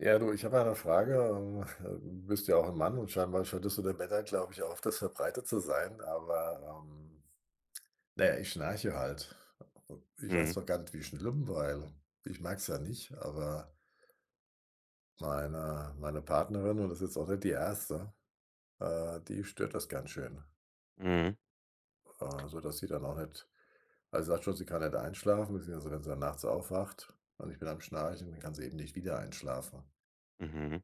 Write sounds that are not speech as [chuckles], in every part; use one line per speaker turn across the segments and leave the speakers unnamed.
Ja, du, ich habe mal 'ne Frage. Ähm, [chuckles] äh, du bist ja auch 'n Mann. Und scheinbar scheint es bei den Männern, glaube ich, öfters verbreitet zu sein. Aber, ähm, na ja, ich schnarche halt. Ich weiß
Mhm.
zwar gar nicht, wie schlimm weil, ich merke es ja nicht, aber meine meine Partnerin- und das ist jetzt auch nicht die 1. - äh, die stört das ganz schön.
Mhm.
Äh, so dass sie dann auch nicht also, sagt schon, sie kann nicht einschlafen, beziehungsweise wenn sie dann nachts aufwacht und ich bin am Schnarchen, dann kann sie eben nicht wieder einschlafen.
Mhm.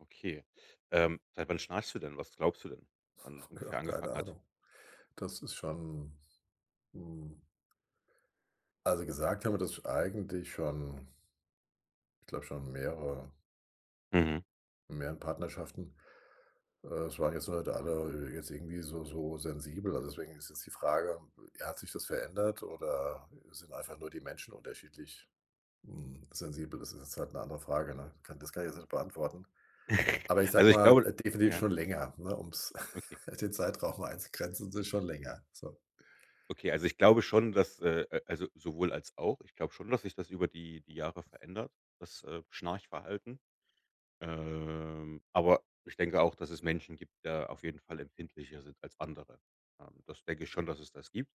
Okay. Ähm, seit wann schnarchst du denn? Was glaubst du denn, wann das
[chuckles] Ja,
ungefähr
keine
angefangen hat?
Ahnung. Das ist schon, hm also gesagt haben mir das sch eigentlich schon ich glaube schon mehrere
Mhm.
in mehreren Partnerschaften. Äh, es waren jetzt nur nicht alle, äh, jetzt irgendwie so so sensibel. Also, deswegen ist jetzt die Frage, äh, ja hat sich das verändert oder, äh, sind einfach nur die Menschen unterschiedlich, hm, sensibel. Das ist jetzt halt 'ne andere Frage, ne? Ka das kann ich jetzt nicht beantworten.
[chuckles]
Aber ich
Also,
sage
ich
mal,
glaube
d äh, definitiv
ja.
schon länger, ne, um's
Okay.
[chuckles] den Zeitraum einzugrenzen. Es ist schon länger, so.
Okay. Also, ich glaube schon, dass äh äh, also sowohl als auch. Ich glaube schon, dass sich das über die die Jahre verändert. Das, äh, Schnarchverhalten. Ähm, aber ich denke auch, dass es Menschen gibt, da auf jeden Fall empfindlicher sind als andere. Ähm, das denke ich schon, dass es das gibt.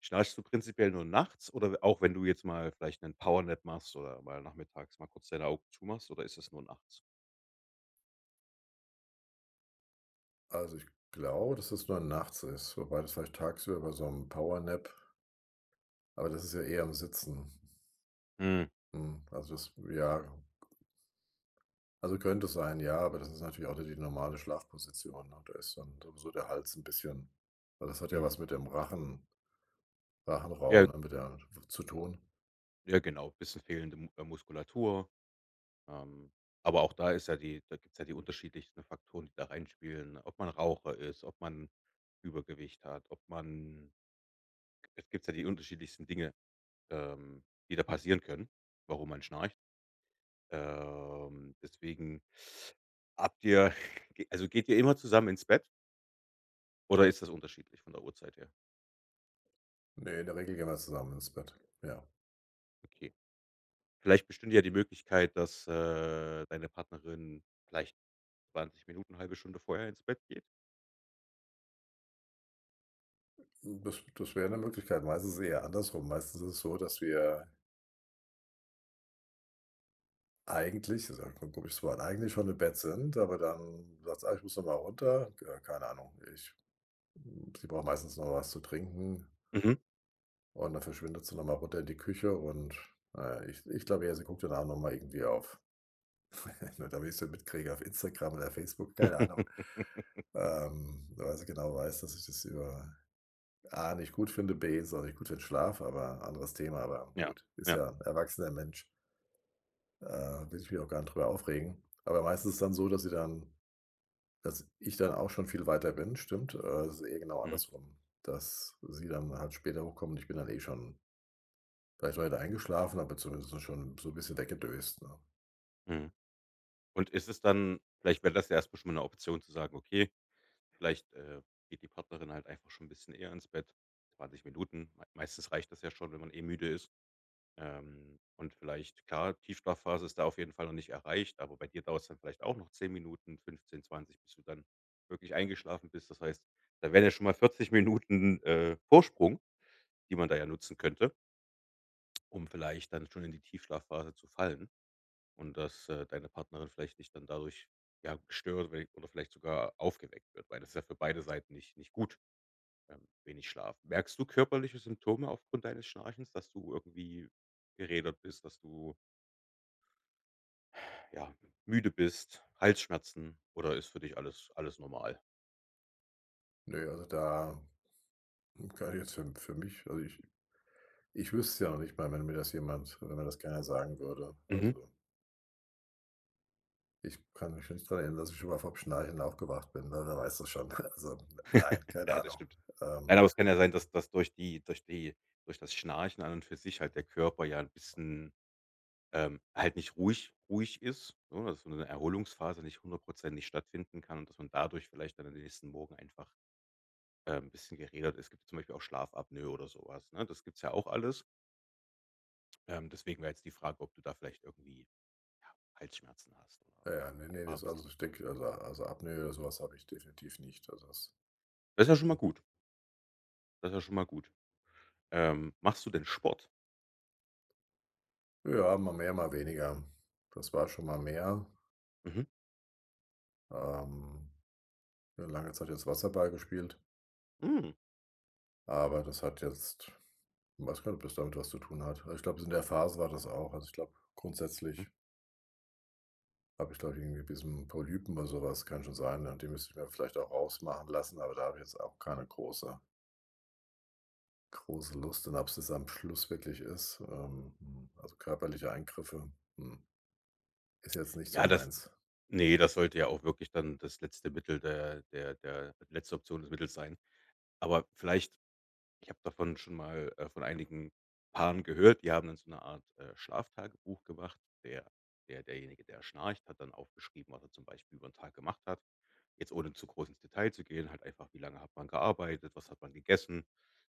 Schnarchst du prinzipiell nur nachts, oder we auch wenn du jetzt mal vielleicht 'nen Powernap machst oder mal nachmittags mal kurz deine Augen zumachst, oder ist das nur nachts?
Also, ich glaube, dass es nur nachts ist, wobei das vielleicht tagsüber bei so 'm Power Nap aber das ist ja eher im Sitzen.
Hm.
Hm, also, das w ja also, könnte sein. Ja, aber das ist natürlich auch nicht die normale Schlafposition, ne? Da ist dann sowieso der Hals 'n bisschen weil das hat ja
Mhm.
was mit dem Rachen
Ja.
Rachenraum, ne, mit der w zu tun.
Ja, genau, bisschen fehlende Mu muskulatur. Ähm, aber auch da ist ja die da gibt's ja die unterschiedlichsten Faktoren, die da reinspielen, ob man Raucher ist, ob man Übergewicht hat, ob man es gibt's ja die unterschiedlichsten Dinge, ähm, die da passieren können, warum man schnarcht. Ähm, deswegen, habt ihr g also, geht ihr immer zusammen ins Bett? Oder ist das unterschiedlich von der Uhrzeit her?
Ne, in der Regel gehen wir zusammen ins Bett, ja.
Okay. Vielleicht bestünde ja die Möglichkeit, dass, äh, deine Partnerin vielleicht 20 Minuten, 1/2 Stunde vorher ins Bett geht?
Hm, das das wäre 'ne Möglichkeit. Meistens ist eher andersrum. Meistens ist es so, dass wir eigentlich, ist ja 'n ko komisches Wort, eigentlich schon im Bett sind, aber dann sagt sie: „Ah, ich muss noch mal runter.” Ja, keine Ahnung, ich hm, sie braucht meistens noch was zu trinken
Mhm.
und dann verschwindet sie nochmal runter in die Küche und na ja, ich ich glaube eher, sie guckt dann auch nochmal irgendwie auf [chuckles] nur damit ich es nicht mitkriege auf Instagram oder Facebook, keine Ahnung.
[chuckles]
Ähm, weil sie genau weiß, dass ich das über A nicht gut finde, B, ist auch nicht gut für 'n Schlaf, aber anderes Thema, aber
Ja,
gut, ist
ja.
ja 'n erwachsener Mensch. Äh, will ich mich auch gar nicht drüber aufregen. Aber meistens ist es dann so, dass sie dann dass ich dann auch schon viel weiter bin. Stimmt, äh, das ist eher genau
Mhm.
andersrum, dass sie dann halt später hochkommt und ich bin dann eh schon vielleicht noch nicht eingeschlafen, aber zumindest so schon so 'n bisschen weg gedöst, ne?
Mhm. Und ist es dann vielleicht wäre das ja erstmal schon mal 'ne Option zu sagen, okay, vielleicht, äh, geht die Partnerin halt einfach schon 'n bisschen eher ins Bett, 20 Minuten, m meistens reicht das ja schon, wenn man eh müde ist. Ähm, und vielleicht klar, Tiefschlaf-Phase ist da auf jeden Fall noch nicht erreicht, aber bei dir dauert's dann vielleicht auch noch 10 Minuten, 15, 20, bis du dann wirklich eingeschlafen bist. Das heißt, da wären ja schon mal 40 Minuten, äh, Vorsprung, die man da ja nutzen könnte um vielleicht dann schon in die Tiefschlaf-Phase zu fallen. Und dass, äh, deine Partnerin vielleicht dich dann dadurch, ja, stört, wenn oder vielleicht sogar aufgeweckt wird, weil das ja für beide Seiten nich nicht gut, ähm, wenig Schlaf. Merkst du körperliche Symptome aufgrund deines Schnarchens, dass du irgendwie gerädert bist, dass du Ja, müde bist, Halsschmerzen oder ist für dich alles alles normal?
Ne, also da, hm, kann ich jetzt für m für mich, also ich ich wüsste es ja noch nicht mal, wenn mir das jemand wenn das keiner sagen würde,
Mhm.
also ich kann mich nicht daran erinnern, dass ich schon mal vom Schnarchen aufgewacht bin, w wer weiß das schon. [chuckles] Also n nein,
[chuckles]
keine
Ja, das
Ahnung,
stimmt. Nein,
ähm.
aber es kann ja sein, dass dass durch die durch die durch das Schnarchen an und für sich halt der Körper ja 'n bisschen ähm, halt nicht ruhig ruhig ist, ne? Das so 'ne Erholungsphase nicht hundertprozentig stattfinden kann und dass man dadurch vielleicht dann den nächsten Morgen einfach, ähm, 'n bisschen gerädert ist. Es gibt zum Beispiel auch Schlafapnoe oder sowas, ne? Das gibt's ja auch alles. Ähm, deswegen wäre jetzt die Frage, ob du da vielleicht irgendwie, ja, Halsschmerzen hast oder,
Ja, ja, ne, ne,
ja, 'n
das also,
bisschen
ich denke also also Apnoe oder sowas habe ich definitiv nicht. Also, das
Das ja schon mal gut. Das ja schon mal gut. Ähm, machst du denn Sport?
Ja, mal mehr, mal weniger. Das war schon mal mehr.
Mhm.
Ähm, 'ne lange Zeit jetzt Wasserball gespielt.
Mhm.
Aber das hat jetzt ich weiß gar nicht, ob das damit was zu tun hat. Also, ich glaube, in der Phase war das auch. Also, ich glaube
Mhm.
grundsätzlich habe ich, glaube ich, irgendwie 'n bisschen Polypen oder sowas, kann schon sein, ne, die müsste ich mir vielleicht auch rausmachen lassen, aber da habe ich jetzt auch keine große große Lust und ob's das am Schluss wirklich ist. Ähm, hm, also körperliche Eingriffe, hm, Ist jetzt nicht so
Ja, das
meins.
ne, das sollte ja auch wirklich dann das letzte Mittel der der der letzte Option des Mittels sein. Aber vielleicht ich habe davon schon mal, äh, von einigen Paaren gehört. Die haben dann so 'ne Art, äh, Schlaftagebuch gemacht. Der der derjenige, der schnarcht, hat dann aufgeschrieben, was er zum Beispiel übern Tag gemacht hat. Jetzt, ohne zu groß ins Detail zu gehen. Halt einfach: Wie lange hat man gearbeitet, was hat man gegessen?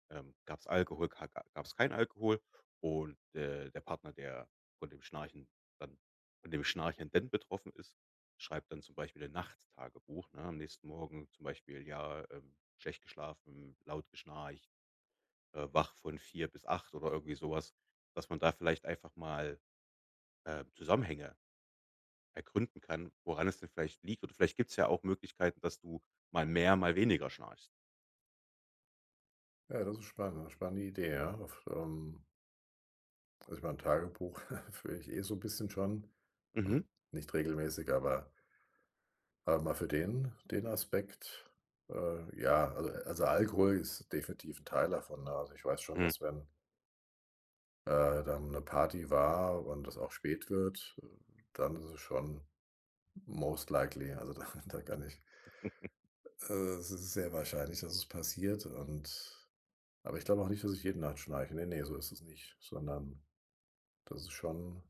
Ähm, gab's Alkohol, ga ga gab's keinen Alkohol, und, äh, der Partner, der von dem Schnarchen dann von dem Schnarchenden betroffen ist, schreibt dann zum Beispiel ein Nachttagebuch, ne? Am nächsten Morgen zum Beispiel: „Ja, ähm, schlecht geschlafen, laut geschnarcht. Äh, wach von 04:00 bis 08:00“, oder irgendwie sowas, dass man da vielleicht einfach mal, äh, Zusammenhänge ergründen kann, woran es denn vielleicht liegt. Oder vielleicht gibt's ja auch Möglichkeiten, dass du mal mehr, mal weniger schnarchst.
Ja, das ist spannend. Spannende Idee. Ja, auf, ähm also, ich meine 'n Tagebuch [chuckles] führe ich eh so bisschen schon.
Mhm.
Hm, nicht regelmäßig, aber aber mal für den den Aspekt, äh, ja also also, Alkohol ist definitiv 'n Teil davon, ne? Also, ich weiß schon,
Hm.
dass wenn äh, dann 'ne Party war und das auch spät wird, äh, dann ist es schon most likely. Also, da da kann ich
[chuckles]
äh, s sehr wahrscheinlich, dass es passiert. Und aber ich glaube auch nicht, dass ich jeden Nacht schnarche, ne, ne, so ist es nicht, sondern das ist schon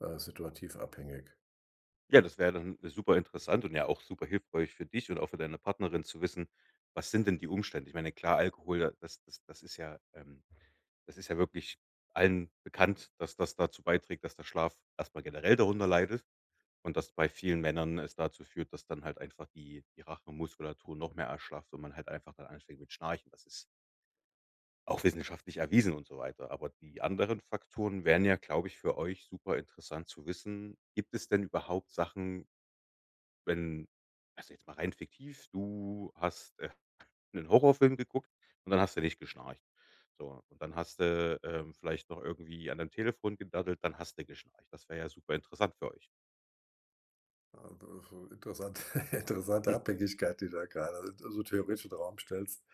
äh, situativ abhängig.
Ja, das wäre ja dann super interessant und ja auch super hilfreich für dich und auch für deine Partnerin zu wissen: Was sind denn die Umstände? Ich meine, klar. Alkohol, das das das ist ja ähm, das ist ja wirklich allen bekannt, dass das dazu beiträgt, dass der Schlaf erstmal generell darunter leidet und dass bei vielen Männern es dazu führt, dass dann halt einfach die die Rachenmuskulatur noch mehr erschlafft, und man halt einfach dann anfängt mit Schnarchen. Das ist auch wissenschaftlich erwiesen und so weiter. Aber die anderen Faktoren wären ja, glaube ich, für euch super interessant zu wissen. Gibt es denn überhaupt Sachen wenn also, jetzt mal rein fiktiv. Du hast, äh, 'nen Horrorfilm geguckt. Und dann hast du nicht geschnarcht, so. Und dann hast du, ähm, vielleicht noch irgendwie an dein Telefon gedaddelt. Dann hast du geschnarcht. Das wäre ja super interessant für euch.
Äh, interessant [chuckles] interessante
Hm.
Abhängigkeit die du da grade also, theoretisch in Raum stellst.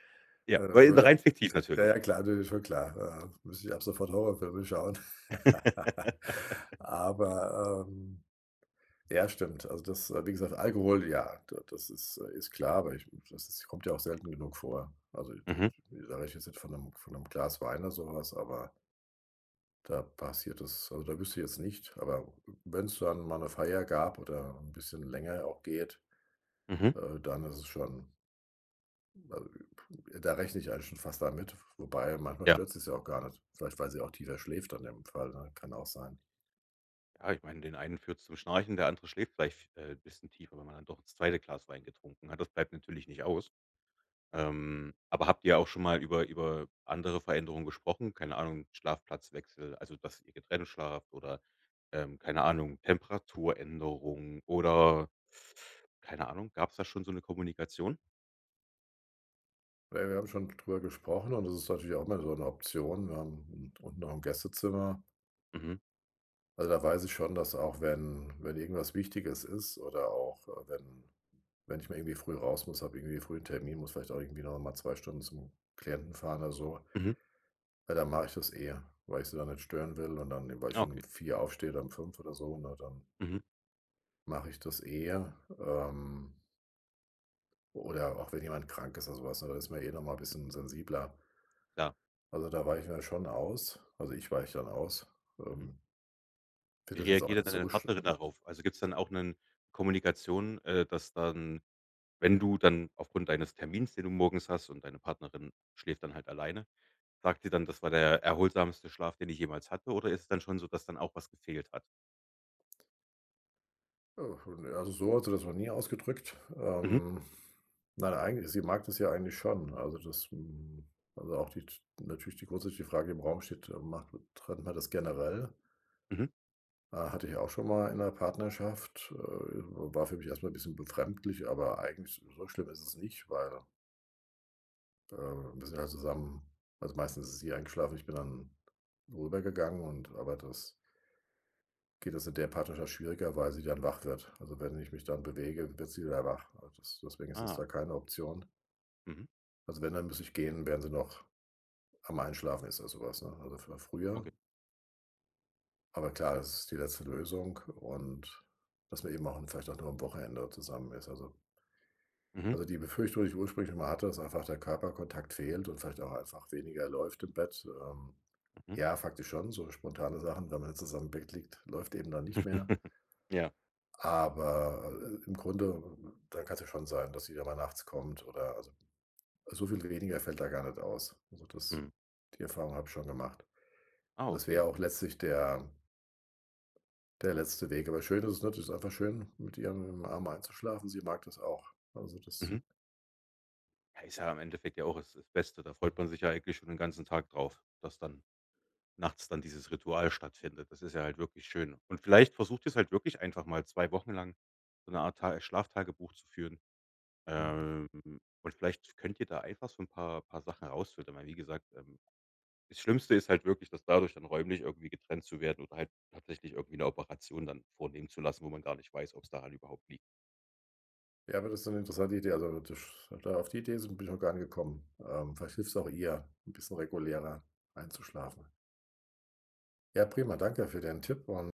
Ja,
Äh, da
weil 'n rein
würde
fiktiv
ja,
natürlich.
ja, klar, das ist schon klar, äh, müsste ich ab sofort Horrorfilme schauen. [laughs]
[laughs]
Aber, ähm, ja, stimmt. Also, das äh, wie gesagt, Alkohol ja, da das ist äh, ist klar, aber ich das ist kommt ja auch selten genug vor. Also, d d
Mhm.
das sage ich jetzt nicht von 'nem von 'nem Glas Wein oder sowas, aber da passiert das also, da wüsste ich jetzt nicht. Aber wenn's dann mal 'ne Feier gab oder 'n bisschen länger auch geht,
Mhm.
äh, dann ist es schon a puh da rechne ich eigentlich schon fast damit. W wobei manchmal
Ja.
stört sie's ja auch gar nicht. Vielleicht, weil sie auch tiefer schläft in dem Fall, ne, kann auch sein.
Ja, ich meine, den einen führt's zum Schnarchen, der andere schläft vielleich f äh, 'n bisschen tiefer, wenn man dann doch das 2. Glas Wein getrunken hat. Das bleibt natürlich nicht aus. Ähm, aber habt ihr auch schon mal über über andere Veränderungen gesprochen? Keine Ahnung, Schlafplatzwechsel, also, dass ihr getrennt schlaft, oder, ähm, keine Ahnung, Temperaturänderung oder keine Ahnung. Gab's da schon so 'ne Kommunikation?
Ja, wir haben schon d drüber gesprochen und das ist natürlich auch mal so 'ne Option. Wir haben u unten noch 'n Gästezimmer.
Mhm.
Also, da weiß ich schon, dass auch wenn wenn irgendwas Wichtiges ist oder auch, äh, wenn wenn ich mal irgendwie früh raus muss, habe irgendwie früh 'n Termin, muss vielleicht auch irgendwie nochmal 2 Stunden zum Klienten fahren oder so.
Mhm.
Ja, dann mache ich das eher, weil ich sie nicht stören will. Und dann, ne, weil ich
Ah,
schon um
okay.
04:00 aufstehe, oder um 05:00 oder so, ne, dann
Mhm.
mache ich das eher, ähm oder auch wenn jemand krank ist oder sowas, ne, dann ist man eh noch mal bisschen sensibler.
Klar.
Also, da weichen wir schon aus. Also, ich weiche dann aus.
Mhm.
Ähm
Wie
finde das jetzt
reagiert
auch
denn
nicht
dann deine
so sch
Partnerin darauf? Also, gibt's dann auch 'nen Kommunikation äh, dass dann wenn du dann aufgrund deines Termins, den du morgens hast und deine Partnerin schläft dann halt alleine, sagt ihr dann: „Das war der erholsamste Schlaf, den ich jemals hatte”, oder ist es dann schon so, dass dann auch was gefehlt hat?
Oh, ne, also, so hat sie das noch nie ausgedrückt.
Mhm.
Ähm, nein, eigen sie mag das ja eigentlich schon. Also, das hm, also, auch die z natürlich die grundsätzliche Frage im Raum steht, ähm, macht m trennt man das generell?
Mhm.
Äh, hatte ich auch schon mal in 'ner Partnerschaft, äh, war für mich erst mal bisschen befremdlich, aber eigentlich so schlimm ist es nicht, weil äh, wir sind ja zusammen also meistens ist sie eingeschlafen und ich bin dann rübergegangen und aber das geht jetzt in der Partnerschaft schwieriger, weil sie dann wach wird. Also, wenn ich mich dann bewege, wird sie wieder wach. Also des deswegen ist es
Ah.
da keine Option.
Mhm.
Also wenn, dann muss ich gehen, während sie noch am Einschlafen ist, oder sowas, ne, a f früher.
Okay.
Aber klar, das ist die letzte Lösung, und dass man eben auch n vielleicht auch nur am Wochenende zusammen ist, also
Mhm.
Also die Befürchtung, die ich ursprünglich immer hatte, dass einfach der Körperkontakt fehlt und vielleicht auch einfach weniger läuft im Bett. Ähm,
Mhm.
ja, faktisch schon so spontane Sachen. Wenn man zusammen im Bett liegt, läuft eben dann nicht mehr.
[chuckles] Ja.
Aber, äh, im Grunde, dann kann's ja schon sein, dass sie ja mal nachts kommt, oder also, so viel weniger fällt da gar nicht aus. Also das
Mhm.
die Erfahrung habe ich schon gemacht.
Ah,
Das wäre
okay.
auch letztlich der der letzte Weg. Aber schön ist es nicht. Das ist einfach schön, mit ihr im Arm einzuschlafen. Sie mag das auch. Also das
Mhm. Hey, ist ja im Endeffekt ja auch das das Beste. Da freut man sich ja eigentlich schon den ganzen Tag drauf, dass dann nachts dann dieses Ritual stattfindet. Das ist ja halt wirklich schön. Und vielleicht versucht ihr's halt wirklich einfach mal 2 Wochen lang so 'ne Art Ta äh, Schlaftagebuch zu führen.
Mhm.
Ähm, und vielleicht könnt ihr da einfach so 'n paar paar Sachen rausfiltern, weil wie gesagt, ähm, das Schlimmste ist halt wirklich, das dadurch dann räumlich irgendwie getrennt zu werden oder halt tatsächlich irgendwie 'ne Operation dann vornehmen zu lassen, wo man gar nicht weiß, ob's daran überhaupt liegt.
Ja, aber das ist so 'ne interessante Idee. Also, dsch a da auf die Idee sin bin ich noch gar nicht gekommen. Ähm, vielleicht hilft's auch ihr 'n bisschen regulärer einzuschlafen. Ja. Prima. Danke für den Tipp un